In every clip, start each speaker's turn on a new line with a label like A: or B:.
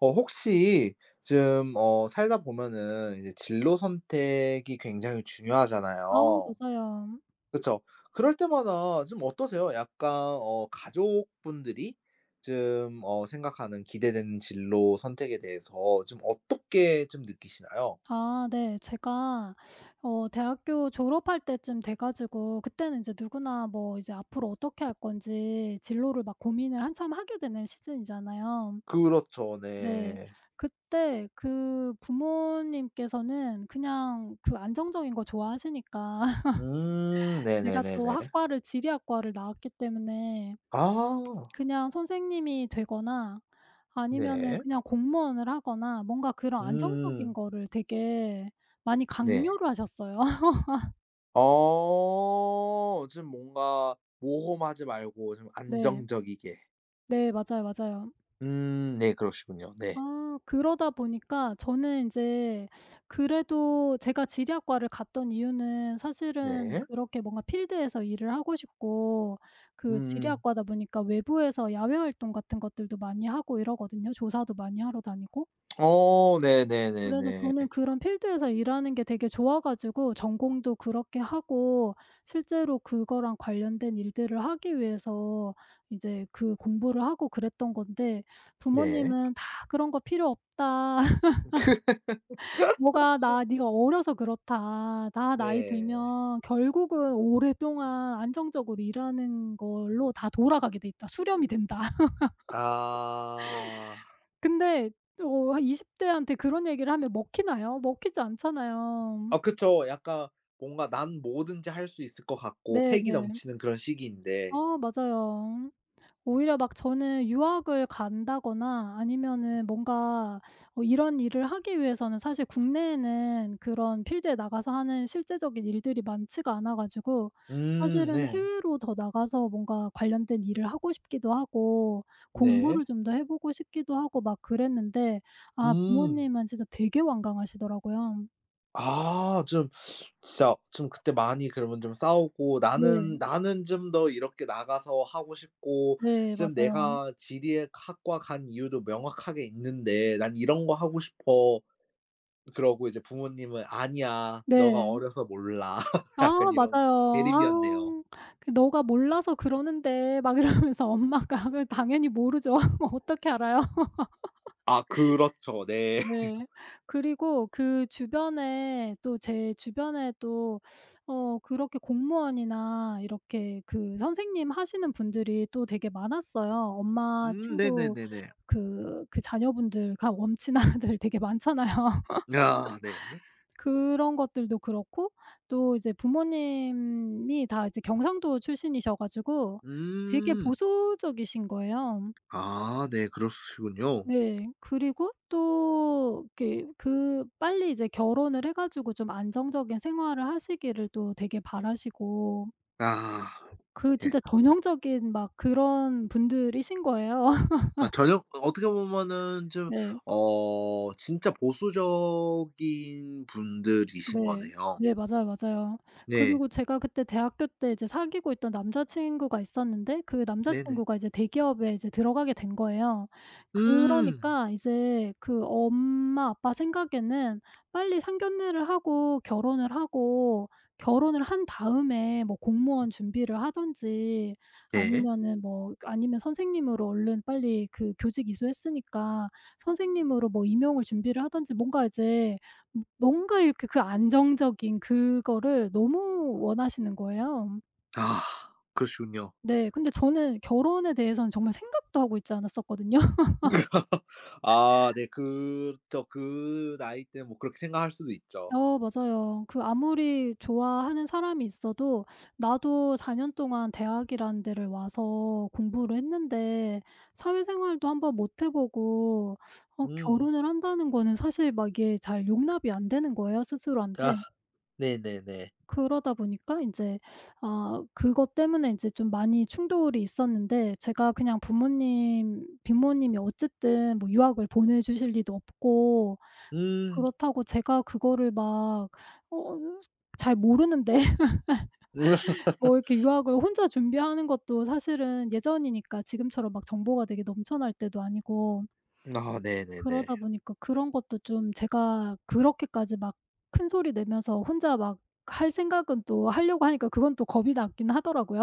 A: 어 혹시 좀 어 살다 보면은 이제 진로 선택이 굉장히
B: 어,
A: 중요하잖아요.
B: 맞아요.
A: 그쵸. 그럴 때마다 좀 어떠세요? 약간 어 가족분들이 좀 어 생각하는 기대되는 진로 선택에 대해서 좀 어떻게 좀 느끼시나요?
B: 아 네. 제가 어 대학교 졸업할 때쯤 돼 가지고 그때는 인제 누구나 뭐 이제 앞으로 어떻게 할 건지 진로를 막 고민을 한참 하게 되는 시즌이잖아요.
A: 그렇죠.
B: 네.
A: 네.
B: 그때 그 부모님께서는 그냥 그 안정적인 거 좋아하시니까
A: 음
B: 제가 또
A: 네네네네.
B: 학과를 지리학과를 나왔기 때문에
A: 아.
B: 그냥 선생님이 되거나 아니면은
A: 네.
B: 그냥 공무원을 하거나 뭔가 그런 안정적인
A: 음.
B: 거를 되게 많이
A: 네.
B: 강요를 하셨어요.
A: 어 좀 뭔가 모험하지 말고 좀
B: 네.
A: 안정적이게.
B: 네 맞아요, 맞아요.
A: 음 네 그러시군요. 네.
B: 아 그러다 보니까 저는 이제 그래도 제가 지리학과를 갔던 이유는 사실은
A: 네.
B: 그렇게 뭔가 필드에서 일을 하고 싶고 그
A: 음음.
B: 지리학과다 보니까 외부에서 야외 활동 같은 것들도 많이 하고 이러거든요 조사도 많이 하러 다니고.
A: 어
B: 그래서
A: 네네네네.
B: 저는 그런 필드에서 일하는 게 되게 좋아 가지고 전공도 그렇게 하고 실제로 그거랑 관련된 일들을 하기 위해서 이제 그 공부를 하고 그랬던 건데
A: 네.
B: 부모님은 "다 그런 거 필요 없다. 너가 나 니가 어려서 그렇다 .다 나이
A: 네.
B: 들면 결국은 오랫동안 안정적으로 일하는 걸로 다 돌아가게 돼 있다. 수렴이 된다."
A: 아.
B: 근데 또 어 한 20 대한테 그런 얘기를 하면 먹히나요? 먹히지 않잖아요.
A: 아 그쵸. 약간 뭔가 난 뭐든지 할 수 있을 거 같고
B: 네
A: 패기
B: 네.
A: 넘치는 그런 시기인데
B: 아 맞아요. 오히려 막 저는 유학을 간다거나 아니면은 뭔가 어 이런 일을 하기 위해서는 사실 국내에는 그런 필드에 나가서 하는 실제적인 일들이 많지가 않아 가지고
A: 음
B: 사실은
A: 네.
B: 해외로 더 나가서 뭔가 관련된 일을 하고 싶기도 하고
A: 네.
B: 공부를 좀 더 해 보고 싶기도 하고 막 그랬는데 아
A: 음.
B: 부모님은 진짜 되게 완강하시더라고요.
A: 아 좀 진짜 좀 그때 많이 그러면 좀 싸우고
B: 네.
A: "나는, 나는 좀 더 이렇게 나가서 하고 싶고
B: 네,
A: 지금
B: 맞아요.
A: 내가 지리에 학과 간 이유도 명확하게 있는데 난 이런 거 하고 싶어." 그러고 이제 부모님은 "아니야. 너가
B: 네.
A: 어려서 몰라."
B: 아
A: 약간 이런
B: 맞아요.
A: 대립이었네요.
B: 아우 그 "너가 몰라서 그러는데" 막 이러면서 엄마가 그래 당연히 모르죠. 어떻게 알아요?
A: 아 그렇죠. 네.
B: 네. 그리고 그 주변에 또 제 주변에 또 어 그렇게 공무원이나 이렇게 그 선생님 하시는 분들이 또 되게 많았어요. 엄마
A: 음
B: 친구
A: 네네네네.
B: 그 그 자녀분들과 엄친아들 되게 많잖아요.
A: 아 네.
B: 그런 것들도 그렇고 또 이제 부모님이 다 이제 경상도 출신이셔 가지고 되게
A: 음.
B: 보수적이신 거예요.
A: 아 네 그러시군요.
B: 네. 그리고 또 이렇게 그 빨리 이제 결혼을 해 가지고 좀 안정적인 생활을 하시기를 또 되게 바라시고
A: 아
B: 그
A: 예.
B: 진짜 전형적인 막 그런 분들이신 거예요.
A: 아 전형 어떻게 보면은 좀
B: 네.
A: 어 진짜 보수적인 분들이신
B: 네.
A: 거네요.
B: 네 맞아요, 맞아요.
A: 네.
B: 그리고 제가 그때 대학교 때 이제 사귀고 있던 남자 친구가 있었는데 그 남자
A: 네네.
B: 친구가 이제 대기업에 이제 들어가게 된 거예요.
A: 음.
B: 그러니까 이제 그 엄마, 아빠 생각에는 빨리 상견례를 하고 결혼을 하고 결혼을 한 다음에 뭐 공무원 준비를 하든지
A: 예.
B: 아니면은 뭐 그 아니면 선생님으로 얼른 빨리 그 교직 이수했으니까 선생님으로 뭐 임용을 준비를 하든지 뭔가 이제 뭐 뭔가 이렇게 그 안정적인 그거를 너무 원하시는 거예요.
A: 아 그러시군요.
B: 네 근데 저는 결혼에 대해서는 정말 생각도 하고 있지 않았었거든요.
A: 아 네 그쵸. 그 나이 때 뭐 그렇게 생각할 수도 있죠.
B: 어 맞아요. 그 아무리 좋아하는 사람이 있어도 나도 4 년 동안 대학이라는 데를 와서 공부를 했는데 사회생활도 한번 못 해 보고 어
A: 음음.
B: 결혼을 한다는 거는 사실 막 이게 잘 용납이 안 되는 거예요 스스로한테.
A: 아 네네네.
B: 그러다 보니까 인제 아 그것 때문에 인제 좀 많이 충돌이 있었는데 제가 그냥 부모님, 부모님이 어쨌든 뭐 유학을 보내주실 리도 없고
A: 음.
B: 그렇다고 제가 그거를 막 어으 잘 모르는데
A: 음.
B: 뭐 이렇게 유학을 혼자 준비하는 것도 사실은 예전이니까 지금처럼 막 정보가 되게 넘쳐날 때도 아니고
A: 아 네네네.
B: 그러다 보니까 그런 것도 좀 제가 그렇게까지 막 큰소리 내면서 혼자 막 할 생각은 또 하려고 하니까 그건 또 겁이 났긴 하더라고요.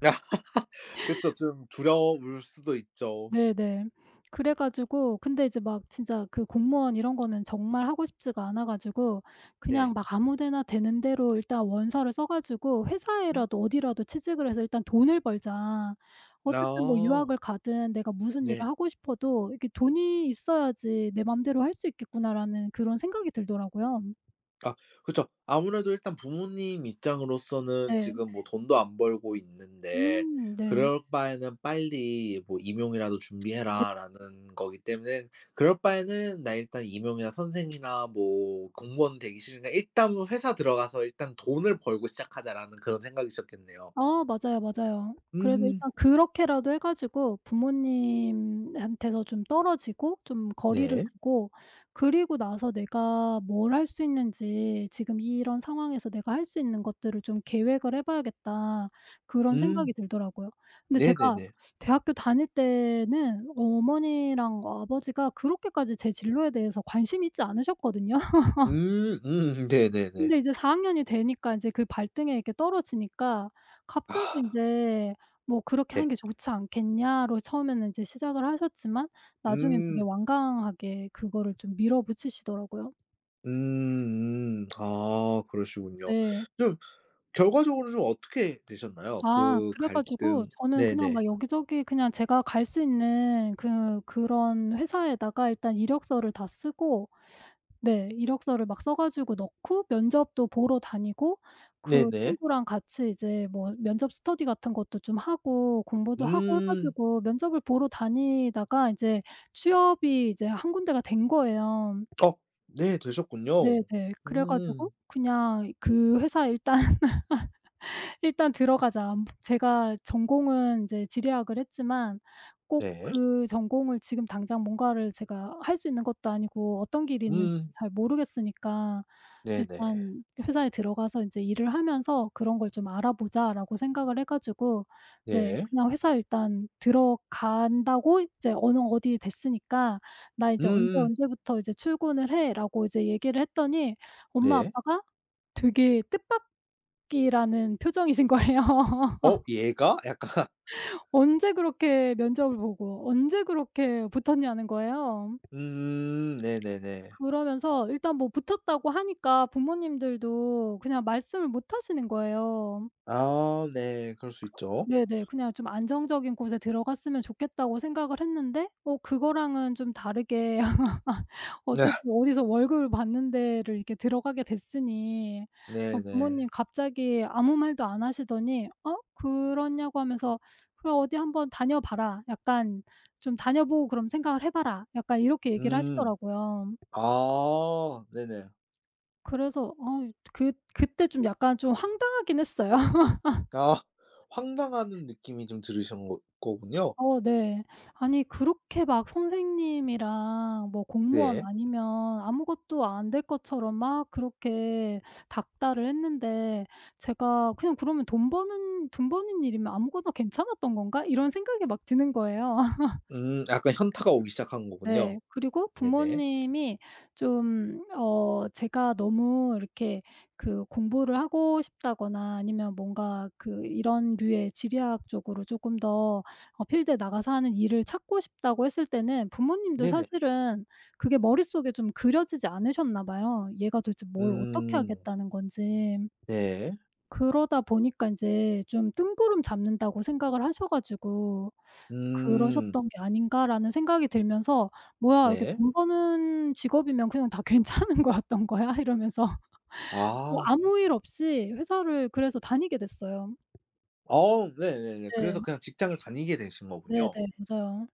A: 그쵸 좀 두려울 수도 있죠.
B: 네네. 그래 가지고 근데 이제 막 진짜 그 공무원 이런 거는 정말 하고 싶지가 않아 가지고
A: 네.
B: 그냥 막 아무 데나 되는대로 일단 원서를 써 가지고
A: 응?
B: '회사에라도 어디라도 취직을 해서 일단 돈을 벌자.' 어쨌든 뭐
A: 아.
B: 유학을 가든 내가 무슨 일을
A: 네.
B: 하고 싶어도 이렇게 '돈이 있어야지 내 맘대로 할 수 있겠구나.'라는 그런 생각이 들더라고요.
A: 아 그쵸. 아무래도 일단 부모님 입장으로서는
B: 네.
A: "지금 뭐 돈도 안 벌고 있는데
B: 음 네.
A: 그럴 바에는 빨리 뭐 임용이라도
B: 네.
A: 준비해라."라는 거기 때문에 그럴 바에는 나 일단 임용이나 선생이나 뭐 공무원 되기 싫으니까 '일단은 회사 들어가서 일단 돈을 벌고 시작하자.'라는 그런 생각이셨겠네요.
B: 아 맞아요, 맞아요. 그래서
A: 음.
B: '일단 그렇게라도 해 가지고 부모님한테서 좀 떨어지고 좀 거리를
A: 네.
B: 두고 그리고 나서 내가 뭘 할 수 있는지 지금 이런 상황에서 내가 할 수 있는 것들을 좀 계획을 해봐야겠다.' 그런
A: 음.
B: 생각이 들더라고요. 근데 제가
A: 네네네.
B: 대학교 다닐 때는 어머니랑 아버지가 그렇게까지 제 진로에 대해서 관심이 있지 않으셨거든요.
A: 음 음 네네네.
B: 근데 이제 4 학년이 되니까 인제 그 발등에 이렇게 떨어지니까 갑자기
A: 아.
B: 인제 뭐 "그렇게
A: 네.
B: 하는 게 좋지 않겠냐."로 처음에는 인제 시작을 하셨지만 나중에는 되게
A: 음.
B: 완강하게 그거를 좀 밀어붙이시더라고요.
A: 음 음. 아 그러시군요.
B: 네.
A: 좀 결과적으로 좀 어떻게 되셨나요?
B: 아
A: 그
B: 그래 가지고
A: 갈등
B: 저는 그냥
A: 네네.
B: 막 여기저기 그냥 제가 갈 수 있는 그 그런 회사에다가 일단 이력서를 다 쓰고 네 이력서를 막 써 가지고 넣고 면접도 보러 다니고 그
A: 네네.
B: 친구랑 같이 이제 뭐 면접 스터디 같은 것도 좀 하고 공부도 하고 해
A: 음.
B: 가지고 면접을 보러 다니다가 이제 취업이 이제 1 군데가 된 거예요.
A: 어 네 되셨군요.
B: 네네. 그래 가지고
A: 음.
B: 그냥 그 회사에 일단 '일단 들어가자.' 안부 제가 전공은 인제 지리학을 했지만 꼭
A: 네.
B: 그 전공을 지금 당장 뭔가를 제가 할 수 있는 것도 아니고 어떤 길이 있는지도
A: 음.
B: 잘 모르겠으니까
A: 네네.
B: 일단 회사에 들어가서 인제 '일을 하면서 그런 걸 좀 알아보자.'라고 생각을 해 가지고 네
A: 네.
B: 그냥 회사에 일단 들어간다고 "이제 어느 어디에 됐으니까 나 이제 언제
A: 음음.
B: 언제부터 출근을 해."라고 이제 얘기를 했더니 엄마
A: 네.
B: 아빠가 되게 뜻밖이라는 표정이신 거예요.
A: 어 얘가 약간
B: 언제 그렇게 면접을 보고 언제 그렇게 붙었냐는 거예요.
A: 음 네네네.
B: 그러면서 일단 뭐 붙었다고 하니까 부모님들도 그냥 말씀을 못 하시는 거예요.
A: 아 네 그럴 수
B: 그렇
A: 있죠.
B: 네네 그냥 좀 '안정적인 곳에 들어갔으면 좋겠다.'고 생각을 했는데 어 그거랑은 좀 다르게
A: 네.
B: 어쨌든 어디서 월급을 받는 데를 이렇게 들어가게 됐으니 어
A: 네네.
B: 부모님이 갑자기 아무 말도 안 하시더니 어 그러냐고 하면서 "그래 어디 한번 다녀 봐라. 약간 좀 다녀보고 그러면 생각을 해 봐라." 약간 이렇게 얘기를
A: 음.
B: 하시더라고요.
A: 아 네네.
B: 그래서 어 이 그 그때 좀 약간 좀 황당하긴 했어요.
A: 아 황당한 느낌이 좀 들으신 거 거군요.
B: 어 네. 아니
A: 음.
B: 그렇게 막 선생님이랑 뭐 공무원
A: 네.
B: 아니면 아무것도 안 될 것처럼 막 그렇게 닦달을 했는데 제가 '그냥 그러면 돈 버는 돈 버는 일이면 아무거나 괜찮았던 건가?' 이런 생각이 막 드는 거예요.
A: 음 약간 현타가 오기 시작한 거군요.
B: 네. 그리고
A: 네네.
B: 부모님이 좀 어 제가 너무 이렇게 그 공부를 하고 싶다거나 아니면 뭔가 그 이런 류의 지리학 쪽으로 쪼금 더 어 필드에 나가서 하는 일을 찾고 싶다고 했을 때는 부모님도
A: 네네.
B: 사실은 그게 머릿속에 좀 그려지지 않으셨나 봐요 얘가 도대체 뭘 어떻게
A: 음.
B: 하겠다는 건지.
A: 네.
B: 그러다 보니까 인제 좀 뜬구름 잡는다고 생각을 하셔 가지고
A: 음.
B: '그러셨던 게 아닌가.'라는 생각이 들면서 '뭐야 이렇게
A: 네.
B: 돈 버는 직업이면 그냥 다 괜찮은 거였던 거야?' 이러면서
A: 아.
B: 아무 일 없이 회사를 그래서 다니게 됐어요.
A: 어 네네네
B: 네.
A: 그래서 그냥 직장을 다니게 되신
B: 네네.
A: 거군요.
B: 맞아요.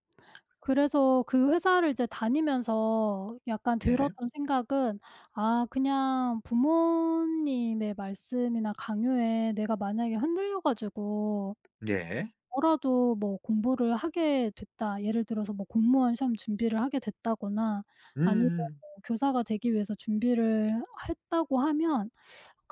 B: 그래서 그 회사를 이제 다니면서 약간
A: 네.
B: 들었던 생각은 아 그냥 부모님의 말씀이나 강요에 내가 만약에 흔들려 가지고
A: 예.
B: 뭐라도 뭐 공부를 하게 됐다. 예를 들어서 뭐 공무원 시험 준비를 하게 됐다거나 아니면 뭐
A: 음.
B: 교사가 되기 위해서 준비를 했다고 하면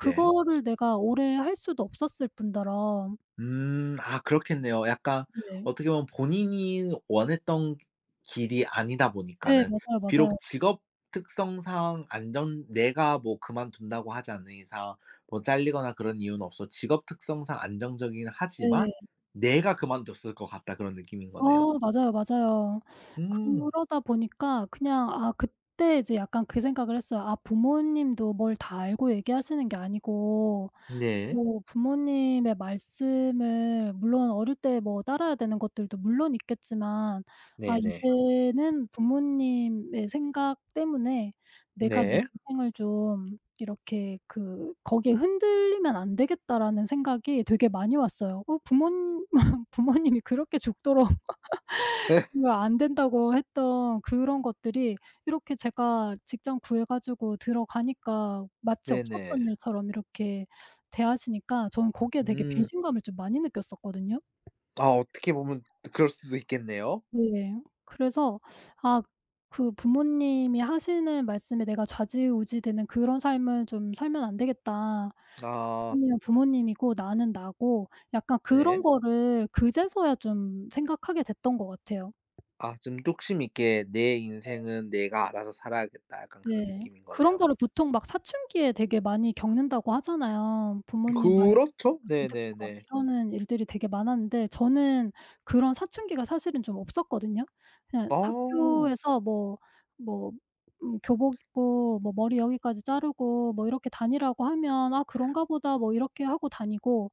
A: 네.
B: 내가 오래 할 수도 없었을 뿐더러
A: 음 아 그렇겠네요. 약간
B: 네.
A: 어떻게 보면 본인이 원했던 그 길이 아니다
B: 네,
A: 보니까는
B: 맞아요,
A: 비록
B: 맞아요.
A: 직업 특성상 안정 내가 뭐 그만둔다고 하지 않는 이상 뭐 잘리거나 그런 이유는 없어 직업 특성상 안정적이긴 하지만
B: 네.
A: '내가 그만뒀을 것 같다.' 그런 느낌인 거네요.
B: 어 맞아요, 맞아요.
A: 음.
B: 그러다 보니까 그냥 아 그때 이제 약간 그 생각을 했어요. 아 부모님도 뭘 다 알고 얘기하시는 게 아니고
A: 네.
B: 뭐 부모님의 말씀을 물론 어릴 때 뭐 따라야 되는 것들도 물론 있겠지만 아
A: 네네.
B: 이제는 부모님의 생각 때문에 내가 내
A: 네.
B: 인생을 좀 이렇게 그 '거기에 흔들리면 안 되겠다.'라는 생각이 되게 많이 왔어요. 어 부몬 부모님이 그렇게 죽도록 그거 안 된다고 했던 그런 것들이 이렇게 제가 직장 구해 가지고 들어가니까 마치
A: 네네.
B: 없었던 일처럼 이렇게 대하시니까 저는 거기에 되게
A: 음.
B: 배신감을 좀 많이 느꼈었거든요.
A: 아 어떻게 보면 또 그럴 수도 있겠네요.
B: 네. 그래서 아 그 '부모님이 하시는 말씀에 내가 좌지우지되는 그런 삶을 좀 살면 안 되겠다.' 그
A: 아.
B: '부모님은 부모님이고 나는 나고.' 약간 그런
A: 네.
B: 것을 그제서야 좀 생각하게 됐던 것 같아요.
A: 아 좀 뚝심 있게 '내
B: 예.
A: 인생은 내가 알아서 살아야겠다.' 약간 그런
B: 네.
A: 느낌인
B: 그런
A: 거네요.
B: 거를 보통 막 사춘기에 되게 많이 겪는다고 하잖아요. 부모님 말
A: 그렇죠.
B: 안 듣고 막
A: 네네네.
B: 이러는 일들이 되게 많았는데 저는 그런 사춘기가 사실은 좀 없었거든요? 그냥
A: 아.
B: 학교에서 뭐, 뭐 음 교복 입고 뭐 머리 여기까지 자르고 뭐 이렇게 다니라고 하면 아 그런가 보다 뭐 이렇게 하고 다니고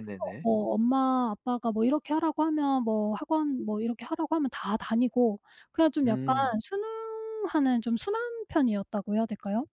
B: 그래서 뭐 엄마, 아빠가 뭐 이렇게 하라고 하면 뭐 학원 뭐 이렇게 하라고 하면 다 다니고 그냥 좀 약간
A: 음.
B: 순응하는 "좀 순한 편이었다."고 해야 될까요?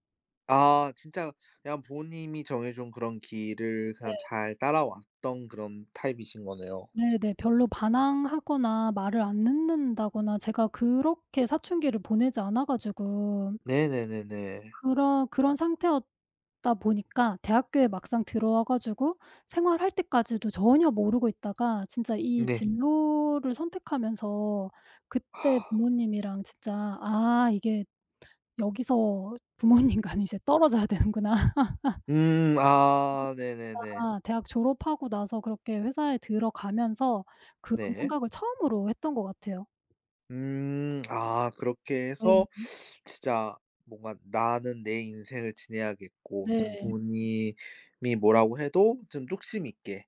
A: 아 진짜 그냥 부모님이 정해 준 그런 길을 그냥
B: 네.
A: 잘 따라왔던 그런 타입이신 거네요.
B: 네네. 별로 반항하거나 말을 안 듣는다거나 제가 그렇게 사춘기를 보내지 않아 가지고
A: 네네네네.
B: 그렇 그런 상태였다 보니까 대학교에 막상 들어와 가지고 생활할 때까지도 전혀 모르고 있다가 진짜 이
A: 네.
B: 진로를 선택하면서 그때 부모님이랑 진짜 '아 이게 여기서 부모님과는 이제 떨어져야 되는구나.'
A: 음. 아 네네네.
B: 아 대학 졸업하고 나서 그렇게 회사에 들어가면서 그런
A: 네.
B: 생각을 처음으로 했던 것 같아요.
A: 음. 아 그렇게 해서
B: [unintelligible]
A: 진짜 뭔가 '나는 내 인생을 지내야겠고 좀
B: 네.
A: 부모님이 뭐라고 해도 좀 뚝심 있게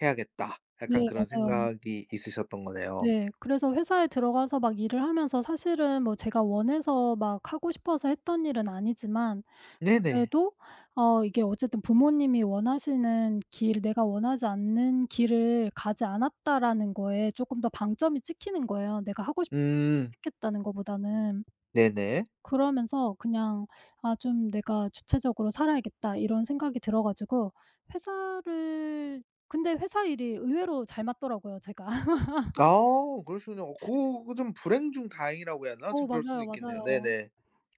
A: 해야겠다.' 약간
B: 네,
A: 그런
B: 맞아요.
A: 생각이 있으셨던 거네요.
B: 네. 그래서 회사에 들어가서 막 일을 하면서 사실은 뭐 제가 원해서 막 하고 싶어서 했던 일은 아니지만
A: 네네.
B: 그래도 어 이게 어쨌든 '부모님이 원하시는 길, 내가 원하지 않는 길을 가지 않았다.'라는 거에 조금 더 방점이 찍히는 거예요 내가 하고 싶
A: 음.
B: 선택했다는 것보다는.
A: 네네.
B: 그러면서 그냥 '아 좀 내가 주체적으로 살아야겠다.' 이런 생각이 들어 가지고 회사를 근데 회사 일이 의외로 잘 맞더라고요 제가.
A: 아 그럴 수 있네요. 그 그 좀 불행 중 다행이라고 해야 되나?
B: 어
A: 좀 그럴 수도
B: 맞아요,
A: 있겠네요.
B: 맞아요.
A: 네네.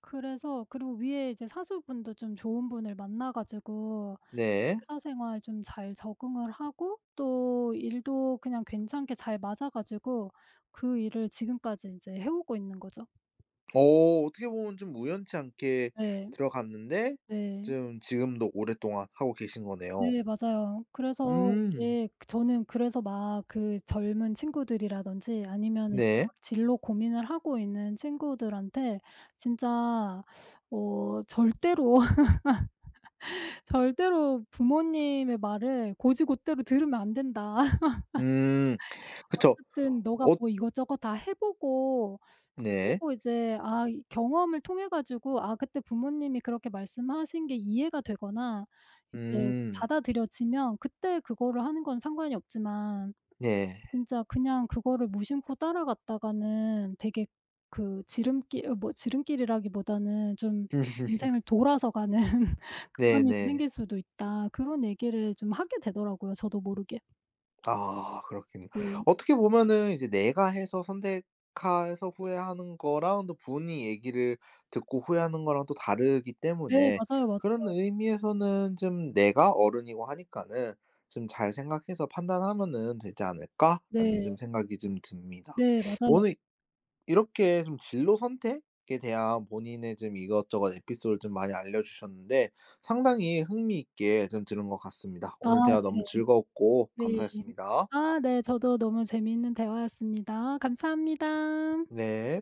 B: 그래서 그리고 위의 이제 사수분도 좀 좋은 분을 만나 가지고
A: 네.
B: 회사 생활 좀 잘 적응을 하고 또 일도 그냥 괜찮게 잘 맞아 가지고 그 일을 지금까지 인제 해 오고 있는 거죠.
A: 어. 어떻게 보면 좀 우연치 않게
B: 네.
A: 들어갔는데
B: 네.
A: 좀 지금도 오랫동안 하고 계신 거네요.
B: 네. 맞아요. 그래서
A: 음.
B: 이게 저는 그래서 막 그 젊은 친구들이라든지 아니면
A: 네.
B: 막 진로 고민을 하고 있는 친구들한테 진짜 어 절대로 절대로 부모님의 말을 곧이곧대로 들으면 안 된다.
A: 음. 그쵸.
B: 어쨌든 너가
A: 어
B: 뭐 이것저것 다 해 보고, 해
A: 네.
B: 보고 이제 아 이 경험을 통해 가지고 아 그때 부모님이 그렇게 말씀하신 게 이해가 되거나 이제
A: 음.
B: 받아들여지면 그때 그거를 하는 건 상관이 없지만
A: 네.
B: 진짜 그냥 그거를 무심코 따라갔다가는 되게 그 지름길 어 뭐 지름길이라기보다는 좀
A: 음.
B: '인생을 돌아서 가는 그런 일이
A: 네네.
B: 생길 수도 있다.' 그런 얘기를 좀 하게 되더라고요 저도 모르게.
A: 아. 그렇겠네.
B: 네.
A: 어떻게 보면은 이제 내가 해서 선택해서 후회하는 거랑 또 본인이 얘기를 듣고 후회하는 거랑 또 다르기
B: 네.
A: 때문에
B: 맞아요,
A: 그런
B: 맞아요.
A: 의미에서는 좀 내가 어른이고 하니까는 '좀 잘 생각해서 판단하면은 되지 않을까?'라는
B: 네.
A: 좀 생각이 좀 듭니다.
B: 네. 맞아요.
A: 오늘 이렇게 좀 진로 선택에 대한 본인의 좀 이것저것 에피소드를 좀 많이 알려주셨는데 상당히 흥미 있게 좀 들은 것 같습니다.
B: 아
A: 오늘 대화 너무
B: 네.
A: 즐거웠고
B: 네.
A: 감사했습니다.
B: 아 네 저도 너무 재미있는 대화였습니다. 감사합니다.
A: 네.